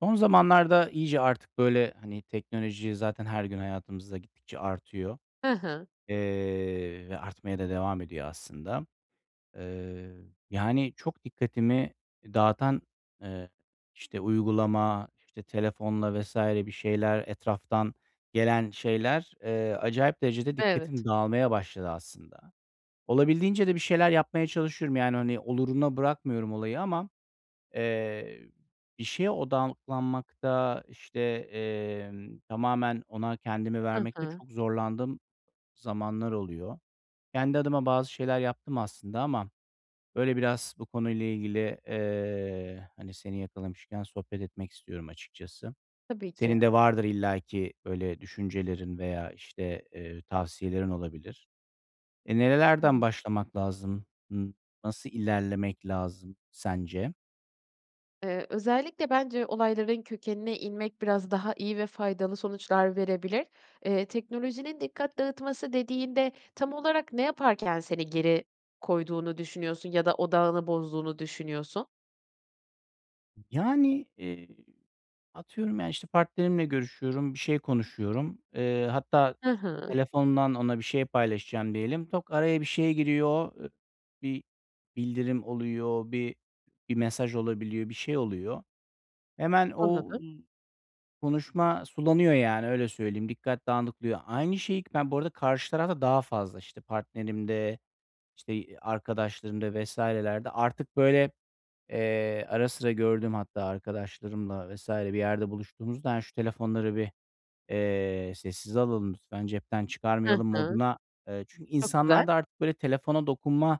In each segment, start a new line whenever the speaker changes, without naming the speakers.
Son zamanlarda iyice artık, böyle, hani, teknoloji zaten her gün hayatımızda gittikçe artıyor,
Hı hı.
eee, ve artmaya da devam ediyor aslında. Eee, yani, çok dikkatimi dağıtan, eee, işte, uygulama, işte, telefonla vs. bir şeyler, etraftan gelen şeyler, eee, acayip derecede
Evet.
dikkatim dağılmaya başladı aslında. Olabildiğince de bir şeyler yapmaya çalışıyorum. Yani, hani, oluruna bırakmıyorum olayı ama, eee, bir şeye odaklanmakta, işte, emm, tamamen ona kendimi
Hı
vermekte
hı.
çok zorlandığım zamanlar oluyor. Kendi adıma bazı şeyler yaptım aslında ama, böyle, biraz bu konuyla ilgili, eee, hani, seni yakalamışken sohbet etmek istiyorum açıkçası.
Tabii ki.
Senin de vardır illaki böyle düşüncelerin veya, işte, eee, tavsiyelerin olabilir. E,
Hı
nerelerden
hı.
başlamak lazım? Imm, nasıl ilerlemek lazım sence?
Eee, özellikle bence olayların kökenine inmek biraz daha iyi ve faydalı sonuçlar verebilir. Eee, teknolojinin dikkat dağıtması dediğinde tam olarak ne yaparken seni geri koyduğunu düşünüyorsun ya da odağını bozduğunu düşünüyorsun?
Yani, eee, atıyorum ya, işte, partnerimle görüşüyorum, bir şey konuşuyorum. Eee, hatta
Hı hı.
telefondan ona bir şey paylaşacağım diyelim. Tık, araya bir şey giriyor. I bir bildirim oluyor, bir bir mesaj olabiliyor, bir şey oluyor. Hemen o
Anladım.
ı konuşma sulanıyor, yani, öyle söyleyeyim. Dikkat dağılıyor. Aynı şeyi k ben bu arada karşı tarafta daha fazla, işte, partnerimde, işte, i arkadaşlarımda vs.lerde artık, böyle, eee, ara sıra gördüğüm hatta arkadaşlarımla vs. bir yerde buluştuğumuzda, hani, şu telefonları bir, eee, sessize alalım lütfen, cepten
Hı
çıkarmayalım
hı.
moduna Eee, çünkü
Çok güzel.
insanlarda artık, böyle, telefona dokunma,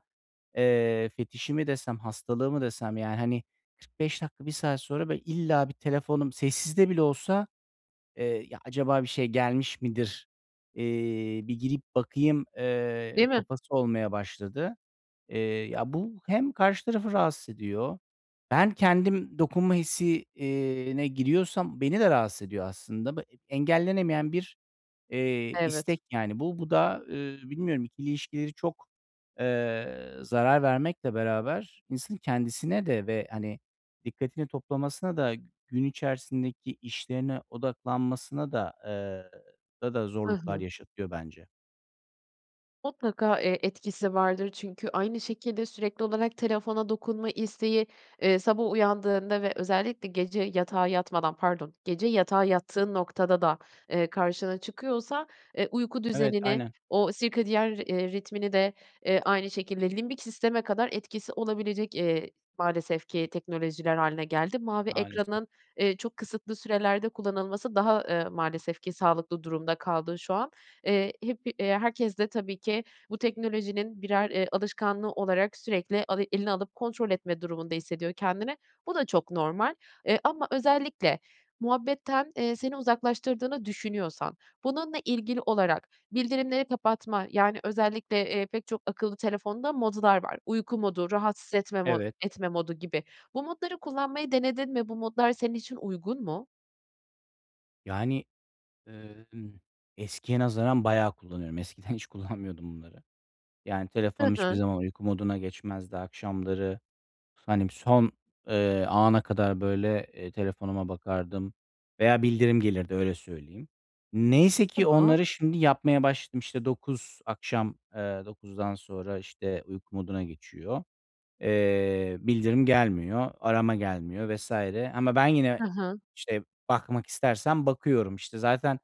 eee, fetişi mi desem, hastalığı mı desem, ya, hani, 45 dakika, 1 saat sonra, böyle, illa bir telefonum sessizde bile olsa, eee, "Ya, acaba bir şey gelmiş midir? Eee, bir girip bakayım." Eee,
Değil mi?
kafası olmaya başladı. Eee, ya, bu hem karşı tarafı rahatsız ediyor, ben kendim dokunma hissi, eee, ne giriyorsam beni de rahatsız ediyor aslında. B engellenemeyen bir, eee,
Evet.
istek, yani, bu. Bu da, eee, bilmiyorum ikili ilişkileri çok, eee, zarar vermekle beraber insanın kendisine de ve, hani, dikkatini toplamasına da gün içerisindeki işlerine odaklanmasına da, eee, orada da
Hı
zorluklar
hı.
yaşatıyor bence.
Mutlaka, eee, etkisi vardır çünkü aynı şekilde sürekli olarak telefona dokunma isteği, eee, sabah uyandığında ve özellikle gece yatağa yatmadan, pardon, gece yatağa yattığın noktada da, eee, karşına çıkıyorsa, eee, uyku
Evet,
düzenini,
aynen.
o sirkadiyen ri eee, ritmini de aynı şekilde, limbik sisteme kadar etkisi olabilecek, eee, maalesef ki teknolojiler hâline geldi. Mavi
Maalesef.
ekranın, eee, çok kısıtlı sürelerde kullanılması daha, eee, maalesef ki sağlıklı durumda kaldı şu an. Eee, hep iii, herkes de tabii ki bu teknolojinin birer, eee, alışkanlığı olarak sürekli avi eline alıp kontrol etme durumunda hissediyor kendini. Bu da çok normal, eee, ama özellikle muhabbetten, eee, seni uzaklaştırdığını düşünüyorsan bununla ilgili olarak bildirimleri kapatma, yani, özellikle, eee, pek çok akıllı telefonda modlar var. Uyku modu, rahatsız etme mo
Evet.
etme modu gibi. Bu modları kullanmayı denedin mi? Bu modlar senin için uygun mu?
Yani, ııı, ımm, eskiye nazaran bayağı kullanıyorum. Eskiden hiç kullanmıyordum bunları. Yani,
Hı
telefonum hiçbir
hı.
zaman uyku moduna geçmezdi akşamları. Hani, son, eee, ana kadar, böyle, eee, telefonuma bakardım veya bildirim gelirdi, öyle söyleyeyim. Neyse ki
Tamam.
onları şimdi yapmaya başladım. İşte, 9 akşam, ııı, 9'dan sonra, işte, uyku moduna geçiyor. Eee, bildirim gelmiyor, arama gelmiyor vs. ama ben yine,
Hı hı.
işte, bakmak istersem bakıyorum, işte. Zaten,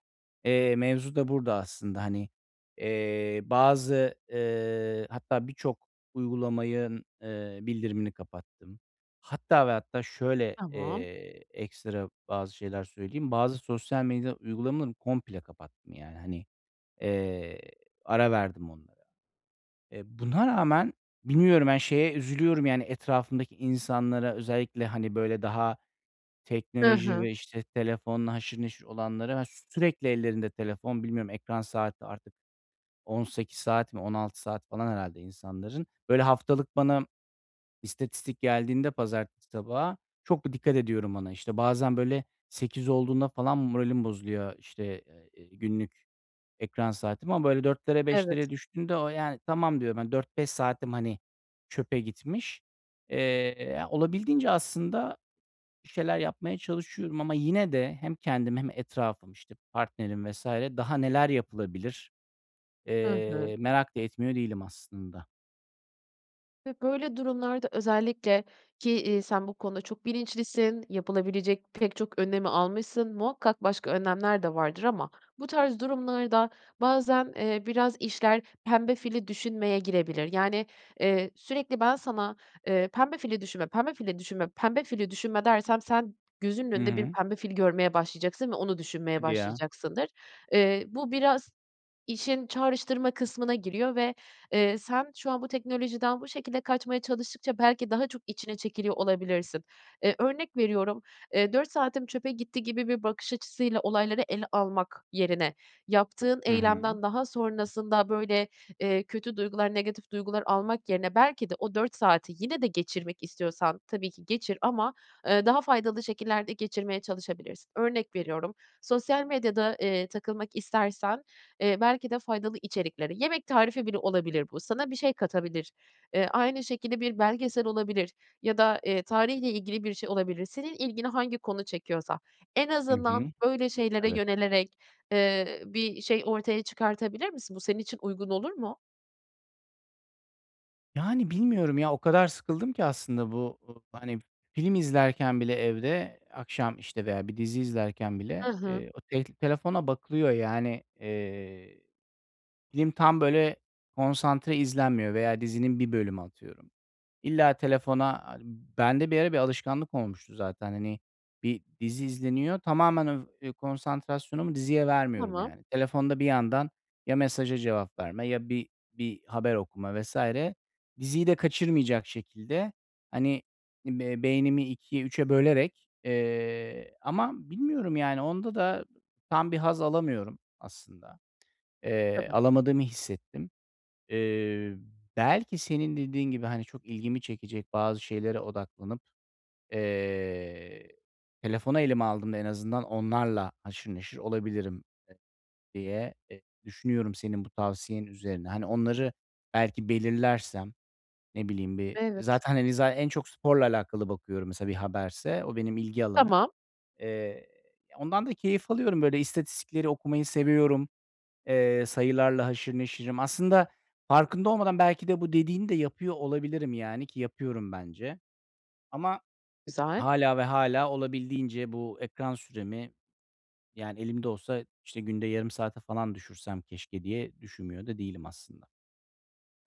eee, mevzu da burada aslında. Hani, eee, bazı, eee, hatta birçok uygulamanın, eee, bildirimini kapattım. Hatta ve hatta şöyle,
Tamam.
eee, ekstra bazı şeyler söyleyeyim. Bazı sosyal medya uygulamaları komple kapattım, yani. Hani, eee, ara verdim onlara. E, buna rağmen bilmiyorum, ben şeye üzülüyorum, yani, etrafımdaki insanlara, özellikle, hani, böyle, daha
Hı
teknoloji
hı.
ve, işte, telefonla haşır neşir olanlara, [unintelligible] sürekli ellerinde telefon. Bilmiyorum, ekran saati artık, 18 saat mi, 16 saat falan herhâlde insanların. Böyle, haftalık bana istatistik geldiğinde pazartesi sabahı çok da dikkat ediyorum ona. İşte, bazen böyle 8 olduğunda falan moralim bozuluyor, işte, eee, ııı, günlük ekran saatimi ama böyle 4'lere,
Evet.
5'lere düştüğünde o, yani, "Tamam." diyorum. Hani, "4-5 saatim, hani, çöpe gitmiş." Eee, ya, olabildiğince aslında bir şeyler yapmaya çalışıyorum ama yine de hem kendim hem etrafım, işte, partnerim vs. daha neler yapılabilir,
Hı hı.
eee, merak da etmiyor değilim aslında.
Ve böyle durumlarda özellikle ki, iii, sen bu konuda çok bilinçlisin, yapılabilecek pek çok önlemi almışsın, muhakkak başka önlemler de vardır ama bu tarz durumlarda bazen, eee, biraz işler pembe fili düşünmeye girebilir. Yani, eee, sürekli ben sana, eee, "Pembe fili düşünme. Pembe fili düşünme. Pembe fili düşünme." dersem sen gözünün
Hı
önünde bir
hı.
pembe fili görmeye başlayacaksın ve onu düşünmeye
Hadi ya.
başlayacaksındır. Eee, bu biraz işin çağrıştırma kısmına giriyor ve, eee, sen şu an bu teknolojiden bu şekilde kaçmaya çalıştıkça, belki, daha çok içine çekiliyor olabilirsin. Eee, örnek veriyorum, eee, 4 saatim çöpe gitti gibi bir bakış açısıyla olayları ele almak yerine, yaptığın
Hı hı.
eylemden daha sonrasında, böyle, eee, kötü duygular, negatif duygular almak yerine belki de o 4 saati yine de geçirmek istiyorsan tabii ki geçir ama, ııı, daha faydalı şekillerde geçirmeye çalışabilirsin. Örnek veriyorum, sosyal medyada, eee, takılmak istersen, eee, belki de, faydalı içeriklere, yemek tarifi bile olabilir bu, sana bir şey katabilir. Eee, aynı şekilde bir belgesel olabilir ya da, eee, tarihle ilgili bir şey olabilir. Senin ilgini hangi konu çekiyorsa. En
Hı
azından
hı.
öyle şeylere
Evet.
yönelerek, eee, bir şey ortaya çıkartabilir misin? Bu senin için uygun olur mu?
Yani, bilmiyorum ya, o kadar sıkıldım ki aslında bu, ııı, hani film izlerken bile evde, akşam, işte, veya bir dizi izlerken
Hı
bile,
hı.
eee, o tel k telefona bakılıyor, yani, eee, film tam böyle konsantre izlenmiyor veya dizinin 1 bölümü, atıyorum. İlla telefona, hani, bende bir ara bir alışkanlık olmuştu zaten. Hani, bir dizi izleniyor. Tamamen öv konsantrasyonumu diziye vermiyorum,
Tamam.
yani. Telefonda bir yandan ya mesaja cevap verme ya bir bir haber okuma vs. Diziyi de kaçırmayacak şekilde hani be beynimi 2'e 3'e bölerek, eee, ama bilmiyorum, yani, onda da tam bir haz alamıyorum aslında.
Hı
Eee,
hı.
alamadığımı hissettim. Eee, belki, senin dediğin gibi, hani, çok ilgimi çekecek bazı şeylere odaklanıp, eee, telefonu elime aldığımda en azından onlarla haşır neşir olabilirim e diye, e düşünüyorum senin bu tavsiyen üzerine. Hani, onları belki belirlersem, ne bileyim, bir
Evet.
zaten, hani, zaten en çok sporla alakalı bakıyorum, mesela, bir haberse. O benim ilgi alanım.
Tamam.
Eee, ondan da keyif alıyorum, böyle. İstatistikleri okumayı seviyorum. Eee, sayılarla haşır neşirim. Aslında farkında olmadan, belki de, bu dediğini de yapıyor olabilirim, yani, ki yapıyorum bence. Ama
Güzel.
hâlâ ve hâlâ olabildiğince bu ekran süremi, yani, elimde olsa işte günde yarım saate falan düşürsem keşke diye düşünmüyor da değilim aslında.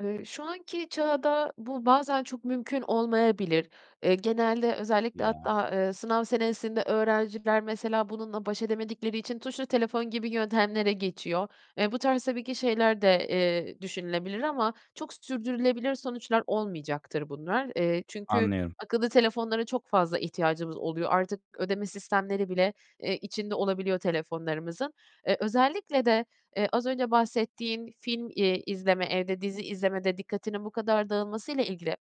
Eee, şu anki çağda bu, bazen çok mümkün olmayabilir. Eee, genelde özellikle
Ya.
hatta, eee, sınav senesinde öğrenciler, mesela, bununla baş edemedikleri için tuşlu telefon gibi yöntemlere geçiyor. Eee, bu tarz tabii ki şeyler de, eee, düşünülebilir ama çok s sürdürülebilir sonuçlar olmayacaktır bunlar. Eee, çünkü
Anlıyorum.
akıllı telefonlara çok fazla ihtiyacımız oluyor. Artık ödeme sistemleri bile, eee, içinde olabiliyor telefonlarımızın. Eee, özellikle de, eee, az önce bahsettiğin film, eee, izleme, evde dizi izlemede dikkatinin bu kadar dağılmasıyla ilgili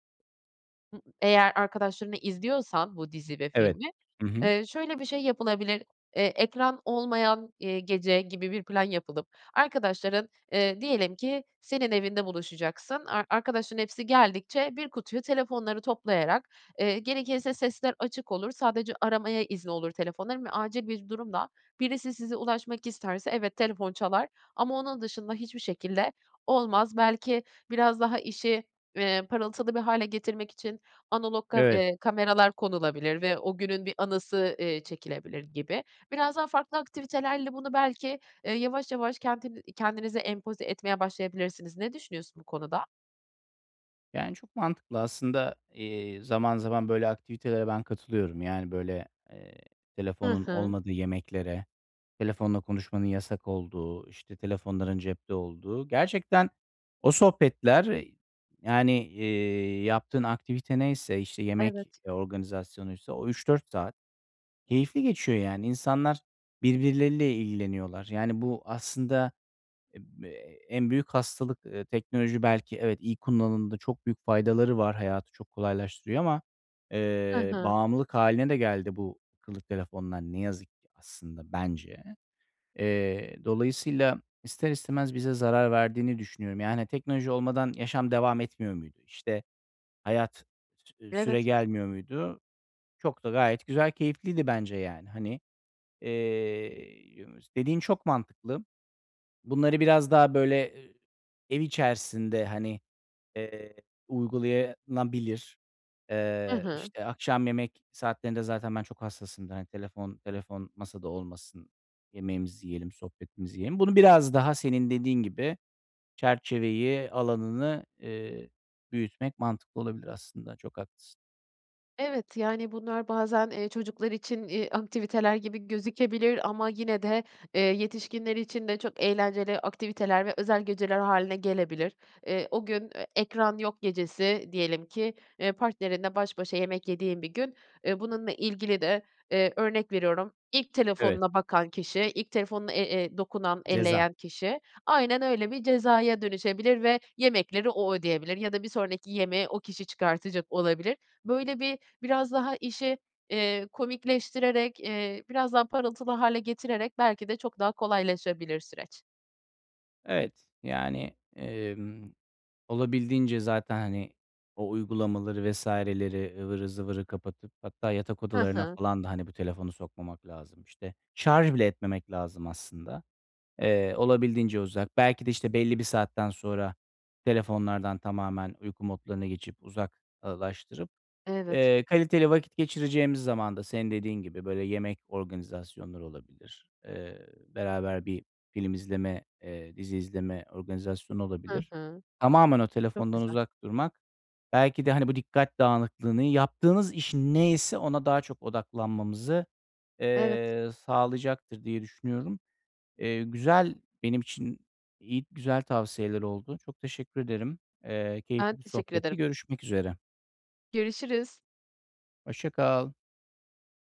eğer arkadaşlarınla izliyorsan bu dizi ve
Evet,
filmi,
hı hı.
eee, şöyle bir şey yapılabilir: Eee, ekran olmayan, eee, gece gibi bir plan yapılıp arkadaşların, eee, diyelim ki senin evinde buluşacaksın, ar arkadaşların hepsi geldikçe bir kutuya telefonları toplayarak, eee, gerekirse sesler açık olur, sadece aramaya izni olur telefonların ve acil bir durumda birisi size ulaşmak isterse, evet, telefon çalar ama onun dışında hiçbir şekilde olmaz. Belki biraz daha işi, eee, parıltılı bir hâle getirmek için analog ka
Evet.
eee, kameralar konulabilir ve o günün bir anısı, eee, çekilebilir gibi. Biraz daha farklı aktivitelerle bunu belki, eee, yavaş yavaş kentin kendinize empoze etmeye başlayabilirsiniz. Ne düşünüyorsun bu konuda?
Yani, çok mantıklı aslında. Eee, zaman zaman böyle aktivitelere ben katılıyorum. Yani, böyle, eee,
Hı
telefonun
hı.
olmadığı yemeklere, telefonla konuşmanın yasak olduğu, işte, telefonların cepte olduğu. Gerçekten o sohbetler, yani, eee, yaptığın aktivite neyse, işte, yemek
Evet.
organizasyonuysa o 3-4 saat keyifli geçiyor, yani. İnsanlar birbirleriyle ilgileniyorlar. Yani, bu aslında, eee, en büyük hastalık, eee, teknoloji, belki, evet, iyi kullanımda çok büyük faydaları var. Hayatı çok kolaylaştırıyor ama,
Hı
eee,
hı.
bağımlılık hâline de geldi bu akıllı telefonlar ne yazık ki aslında bence. Eee, dolayısıyla ister istemez bize zarar verdiğini düşünüyorum. Yani, teknoloji olmadan yaşam devam etmiyor muydu? İşte, hayat sü süre
Evet.
gelmiyor muydu? Çok da gayet güzel keyifliydi bence, yani. Hani, eee, [unintelligible] dediğin çok mantıklı. Bunları biraz daha, böyle, eee, ev içerisinde, hani, eee, uygulanabilir.
Hı
Eee,
hı.
işte, akşam yemek saatlerinde zaten ben çok hassasımdır. Hani, telefon telefon masada olmasın. Yemeğimizi yiyelim, sohbetimizi yiyelim. Bunu biraz daha senin dediğin gibi çerçeveyi, alanını, eee, büyütmek mantıklı olabilir aslında. Çok haklısın.
Evet. Yani, bunlar bazen, eee, çocuklar için, eee, aktiviteler gibi gözükebilir ama yine de, eee, yetişkinler için de çok eğlenceli aktiviteler ve özel geceler hâline gelebilir. Eee, o gün, eee, ekran yok gecesi diyelim ki, eee, partnerinle baş başa yemek yediğin bir gün, eee, bununla ilgili de, eee, örnek veriyorum, ilk
Evet.
telefonuna bakan kişi, ilk telefonuna e e dokunan,
Ceza.
elleyen kişi Aynen öyle, bir cezaya dönüşebilir ve yemekleri o ödeyebilir ya da bir sonraki yemeğe o kişi çıkartacak olabilir. Böyle, bir, biraz daha işi, eee, komikleştirerek, eee, biraz daha parıltılı hâle getirerek, belki de, çok daha kolaylaşabilir süreç.
Evet, yani, emm, olabildiğince zaten, hani, o uygulamaları vs.leri, ıvırı zıvırı kapatıp hatta yatak
Hı
odalarına
hı.
falan da, hani, bu telefonu sokmamak lazım, işte. Şarj bile etmemek lazım aslında. Eee, olabildiğince uzak. Belki de, işte, belli bir saatten sonra telefonlardan tamamen uyku modlarına geçip uzak ııı, laştırıp,
Evet.
eee, kaliteli vakit geçireceğimiz zaman da senin dediğin gibi, böyle, yemek organizasyonları olabilir, eee, beraber bir film izleme, eee, dizi izleme organizasyonu
Hı
olabilir.
hı.
Tamamen o
Çok
telefondan
güzel.
uzak durmak, belki de, hani, bu dikkat dağınıklığını, yaptığımız iş ne ise ona daha çok odaklanmamızı,
Evet.
eee, sağlayacaktır diye düşünüyorum. Eee, güzel, benim için iy güzel tavsiyeler oldu. Çok teşekkür ederim. Eee,
Ben,
keyifli bir
teşekkür
sohbetti.
ederim.
Görüşmek üzere.
Görüşürüz.
Hoşça kal.